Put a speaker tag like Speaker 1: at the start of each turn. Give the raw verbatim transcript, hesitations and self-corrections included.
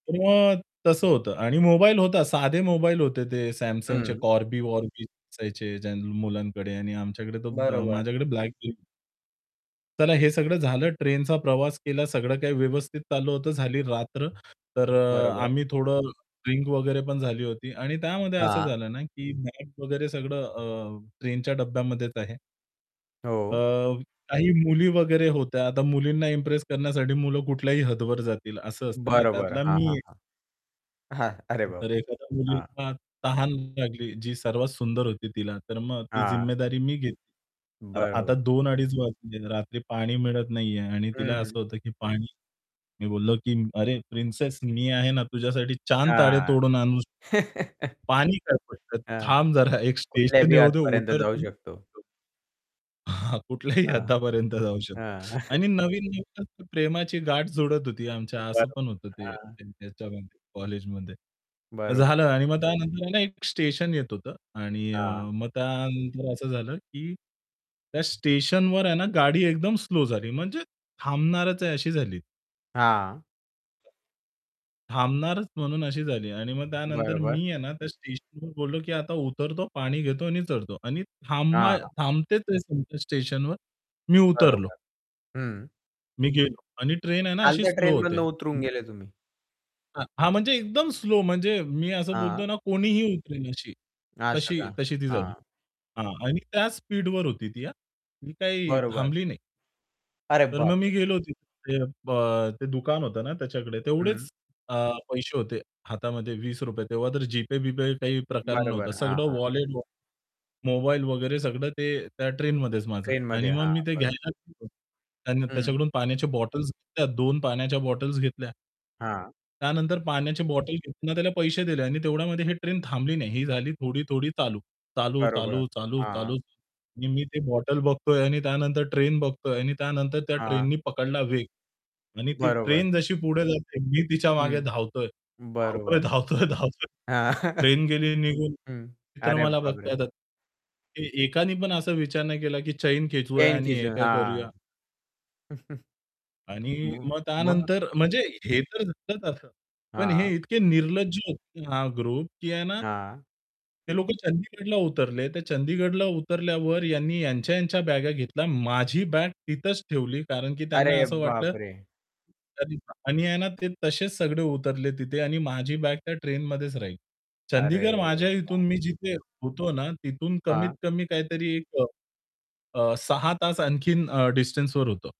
Speaker 1: तर मग तसं होतं आणि मोबाईल होता साधे मोबाईल होते ते Samsungचे
Speaker 2: हं.
Speaker 1: कॉर्बी वॉर्बी असायचे ज्यांन मुलांकडे आणि आमच्याकडे तो
Speaker 2: बरोबर.
Speaker 1: माझ्याकडे ब्द Blackberry चला हे सगळं झालं. ट्रेनचा प्रवास केला, सगळं काही व्यवस्थित चालू होतं. झाली रात्र, तर अ,
Speaker 2: बरोबर.
Speaker 1: आम्ही थोडं ड्रिंक वगैरे पण झाली होती आणि त्यामध्ये असं
Speaker 2: हां.
Speaker 1: झालं ना, की बॅग वगैरे सगळं अ, ट्रेनच्या डब्यामध्येच आहे. अ,
Speaker 2: हो.
Speaker 1: काही मुली वगैरे होत्या. आता मुलींना इम्प्रेस करण्यासाठी मुलं कुठल्याही हदवर जातील असं असतं ना,
Speaker 2: बरं, बरं.
Speaker 1: त्यातला
Speaker 2: हां,
Speaker 1: मी
Speaker 2: हां,
Speaker 1: एक.
Speaker 2: हां. हां, अरे, बाप
Speaker 1: तर एखाद्या
Speaker 2: हां.
Speaker 1: मुलीला तहान लागली, जी सर्वात सुंदर होती तिला. तर मग ती
Speaker 2: हां.
Speaker 1: जिम्मेदारी मी घेतली. आता
Speaker 2: बरोबर.
Speaker 1: दोन अडीच वाजले, रात्री पाणी मिळत नाहीये आणि तिला
Speaker 2: हं.
Speaker 1: असं होतं की पाणी मी बोललो की, "अरे प्रिन्सेस, मी आहे ना तुझ्यासाठी, चांद-तारे
Speaker 2: आह.
Speaker 1: तोडून आणू श पाणी काय पडलं.
Speaker 2: हां.
Speaker 1: थांब जरा, एक स्टेशन
Speaker 2: कुठल्याही
Speaker 1: येऊ दे"
Speaker 2: आतपर्यंत जाऊ
Speaker 1: "उतरतो."
Speaker 2: शकतो.
Speaker 1: कुठल्याही
Speaker 2: हां.
Speaker 1: हदापर्यंत जाऊ शकतो.
Speaker 2: हां.
Speaker 1: आणि नवीन-नवीन प्रेमाची गाठ जोडत होती आमच्या,
Speaker 2: बरोबर.
Speaker 1: असं पण होतं ते
Speaker 2: हां.
Speaker 1: त्याच्यामध्ये कॉलेजमध्ये.
Speaker 2: बरोबर.
Speaker 1: झालं आणि मग त्यानंतर आहे ना, एक स्टेशन येत होतं आणि अ,
Speaker 2: हां.
Speaker 1: मग त्यानंतर असं झालं की त्या स्टेशनवर आहे ना. गाडी एकदम स्लो झाली म्हणजे थांबणारच आहे अशी झाली.
Speaker 2: हां.
Speaker 1: थांबणारच म्हणून अशी झाली आणि मग त्यानंतर
Speaker 2: बरोबर.
Speaker 1: मी आहे ना, त्या स्टेशनवर बोललो की, "आता उतरतो, पाणी घेतो आणि चढतो." आणि थांबाय
Speaker 2: हां.
Speaker 1: थांबतेच आहे तुमच्या स्टेशनवर मी उतरलो.
Speaker 2: बरोबर. हं.
Speaker 1: मी गेलो आणि ट्रेन आहे ना, अशी
Speaker 2: चालत्या
Speaker 1: स्लो होते.
Speaker 2: ट्रेनमधून उतरून
Speaker 1: हं.
Speaker 2: गेले तुम्ही.
Speaker 1: हां. हां, म्हणजे एकदम स्लो म्हणजे मी असं
Speaker 2: हां.
Speaker 1: बोलतो ना, कोणीही उतरेल अशी.
Speaker 2: असं
Speaker 1: तशी
Speaker 2: का?
Speaker 1: तशी ती झाली.
Speaker 2: हां.
Speaker 1: हां. आणि त्याच स्पीडवर होती ती हां, ती काही
Speaker 2: बरोबर.
Speaker 1: थांबली नाही.
Speaker 2: अरे
Speaker 1: तर मग
Speaker 2: बाप
Speaker 1: मी
Speaker 2: रे!
Speaker 1: गेलो तिथे ब ते दुकान होतं ना, त्याच्याकडे.
Speaker 2: हं.
Speaker 1: तेवढेच अ, पैसे होते हातामध्ये वीस रुपये तेव्हा तर G-Pay-बिपे काही प्रकार नव्हता
Speaker 2: बरोबर. हां,
Speaker 1: सगळं
Speaker 2: हां, हां.
Speaker 1: वॉलेट वॉल मोबाईल वगैरे सगळं ते त्या ट्रेनमध्येच माझं
Speaker 2: ट्रेनमध्ये
Speaker 1: आणि मग
Speaker 2: हां,
Speaker 1: मी ते
Speaker 2: बरोबर.
Speaker 1: घ्यायला गेलो त्यां
Speaker 2: हं.
Speaker 1: त्याच्याकडून पाण्याच्या बॉटल्स घेतल्या, दोन पाण्याच्या बॉटल्स घेतल्या.
Speaker 2: हां.
Speaker 1: त्यानंतर पाण्याची बॉटल घेतल्या त्याला पैसे दिले आणि तेवढ्यामध्ये ही ट्रेन थांबली नाही. ही झाली थोडी-थोडी चालू. चालू,
Speaker 2: बरोबर.
Speaker 1: चालू, चालू,
Speaker 2: हां.
Speaker 1: चालू आणि मी ते बॉटल बघतोय आणि त्यानंतर ट्रेन बघतोय आणि त्यानंतर त्या
Speaker 2: हां.
Speaker 1: ट्रेननी पकडला वेग आणि ती
Speaker 2: बरोबर.
Speaker 1: ट्रेन जशी पुढे जाते मी तिच्या मागे
Speaker 2: हं.
Speaker 1: धावतोय, धावतोय,
Speaker 2: बरोबर.
Speaker 1: धावतोय, धावतोय
Speaker 2: हां.
Speaker 1: ट्रेन गेली निघून.
Speaker 2: हं.
Speaker 1: मित्र
Speaker 2: अरे
Speaker 1: मला
Speaker 2: बापरे!
Speaker 1: बघताहेत. [unintelligible] की एकानी पण असा विचार नाही केला की चैन खेचूया
Speaker 2: चेन
Speaker 1: आणि हे
Speaker 2: खेचून.
Speaker 1: काय
Speaker 2: हां.
Speaker 1: करूया. आणि
Speaker 2: म
Speaker 1: मग
Speaker 2: मग?
Speaker 1: त्यानंतर म्हणजे हे तर झालंच असं. पण हे
Speaker 2: हां.
Speaker 1: इतके निर्लज्ज होते हा, ग्रुप की आहे ना
Speaker 2: हां.
Speaker 1: ते लोक चंदीगडला उतरले. ते चंदीगडला उतरल्यावर ह्यांनी ह्यांच्या-ह्यांच्या बॅग घेतल्या. माझी बॅग तिथंच ठेवली. कारण की त्यांना
Speaker 2: अरे
Speaker 1: असं
Speaker 2: बाप
Speaker 1: वाटलं
Speaker 2: रे!
Speaker 1: [unintelligible] ...आणि आहे ना, ते तसेच सगळे उतरले तिथे आणि माझी बॅग त्या ट्रेनमध्येच राहिली.
Speaker 2: अरे
Speaker 1: चंदीगड माझ्या
Speaker 2: बाप
Speaker 1: इथून मी जिथे होतो ना, तिथून कमीत
Speaker 2: हां.
Speaker 1: कमी काहीतरी एक, अ, अ, सहा तास आणखीन अ, डिस्टन्सवर होतं.